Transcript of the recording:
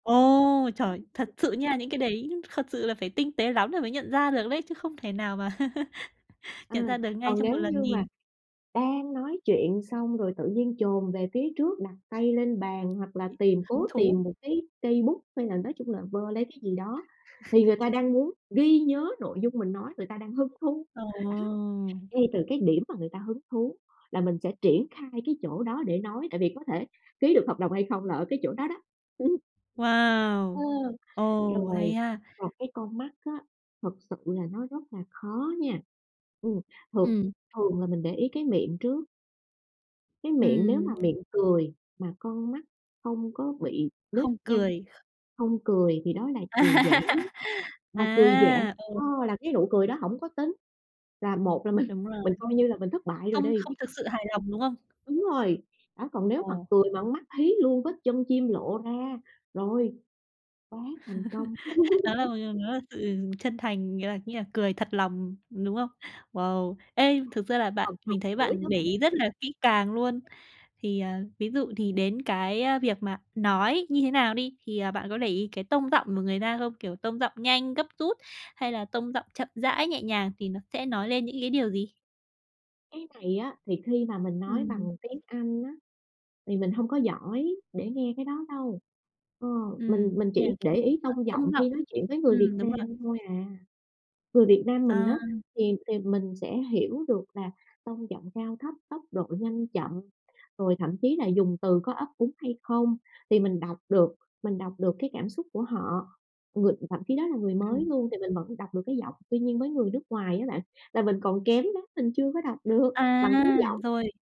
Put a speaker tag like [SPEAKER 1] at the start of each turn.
[SPEAKER 1] Ồ, trời, thật sự nha, những cái đấy thật sự là phải tinh tế lắm là mới nhận ra được đấy, chứ không thể nào mà nhận
[SPEAKER 2] Ừm,
[SPEAKER 1] ra được ngay
[SPEAKER 2] còn
[SPEAKER 1] trong 1
[SPEAKER 2] nếu
[SPEAKER 1] lần
[SPEAKER 2] như mà
[SPEAKER 1] nhìn.
[SPEAKER 2] đang nói chuyện xong rồi tự nhiên chồm về phía trước đặt tay lên bàn hoặc là tìm
[SPEAKER 1] Hứng
[SPEAKER 2] cố
[SPEAKER 1] thú.
[SPEAKER 2] tìm một cái cây bút hay là nói chung là vơ lấy cái gì đó, thì người ta đang muốn ghi nhớ nội dung mình nói, người ta đang hứng thú,
[SPEAKER 1] Ờ.
[SPEAKER 2] đó. Ngay từ cái điểm mà người ta hứng thú là mình sẽ triển khai cái chỗ đó để nói, tại vì có thể ký được hợp đồng hay không là ở cái chỗ đó đó. Ờ,
[SPEAKER 1] Wow, ồ,
[SPEAKER 2] rồi
[SPEAKER 1] hay ha.
[SPEAKER 2] còn cái con mắt á, thực sự là nó rất là khó nha. Ừm, thường
[SPEAKER 1] Ừm.
[SPEAKER 2] thường là mình để ý cái miệng trước. Cái miệng nếu mà
[SPEAKER 1] Ừm.
[SPEAKER 2] miệng cười mà con mắt không có bị nếp
[SPEAKER 1] Không
[SPEAKER 2] nhăn,
[SPEAKER 1] cười, kh
[SPEAKER 2] không cười thì đó là cười giả. Mà cười giả,
[SPEAKER 1] À, ừ.
[SPEAKER 2] ơ, là cái nụ cười đó hổng có tính là một là mình
[SPEAKER 1] Đúng rồi.
[SPEAKER 2] mình coi như là mình thất bại rồi
[SPEAKER 1] Không
[SPEAKER 2] đi.
[SPEAKER 1] không thực sự hài lòng, đúng không?
[SPEAKER 2] Đúng rồi, đó, còn nếu
[SPEAKER 1] Ờ.
[SPEAKER 2] mà cười mà con mắt hí luôn, vết chân chim lộ ra, rồi, quá thành công.
[SPEAKER 1] Đó là [unintelligible] nó là sự chân thành, nghĩa là nghĩa là cười thật lòng, đúng không? Wow, ê, thực ra là bạn
[SPEAKER 2] Còn cười
[SPEAKER 1] mình thấy
[SPEAKER 2] mũi nữa
[SPEAKER 1] bạn để
[SPEAKER 2] bạn.
[SPEAKER 1] ý rất là kỹ càng luôn. Thì, à, ví dụ thì đến cái, ơ, việc mà nói như thế nào đi, thì, à, bạn có để ý cái tông giọng của người ta không? Kiểu, tông giọng nhanh, gấp rút hay là tông giọng chậm rãi, nhẹ nhàng thì nó sẽ nói lên những cái điều gì?
[SPEAKER 2] Cái này á, thì khi mà mình nói
[SPEAKER 1] Ừm.
[SPEAKER 2] bằng tiếng Anh á, thì mình hông có giỏi để nghe cái đó đâu. Ờ, mình
[SPEAKER 1] Ừm,
[SPEAKER 2] mình
[SPEAKER 1] như là,
[SPEAKER 2] chỉ
[SPEAKER 1] kiểu,
[SPEAKER 2] để
[SPEAKER 1] cái,
[SPEAKER 2] ý
[SPEAKER 1] à,
[SPEAKER 2] tông giọng
[SPEAKER 1] tông giọng.
[SPEAKER 2] khi nói chuyện với người Việt
[SPEAKER 1] Ừm, đúng rồi.
[SPEAKER 2] Nam thôi à. Người Việt Nam mình
[SPEAKER 1] À.
[SPEAKER 2] á, thì thì mình sẽ hiểu được là tông giọng cao thấp, tốc độ nhanh chậm, rồi thậm chí là dùng từ có ấp úng hay không, thì mình đọc được, mình đọc được cái cảm xúc của họ. Người thậm chí đó là người mới
[SPEAKER 1] Ừm.
[SPEAKER 2] luôn thì mình vẫn đọc được cái giọng. Tuy nhiên với người nước ngoài á bạn, là mình còn kém lắm, mình chưa có đọc được
[SPEAKER 1] À!
[SPEAKER 2] bằng cái giọng.
[SPEAKER 1] Rồi.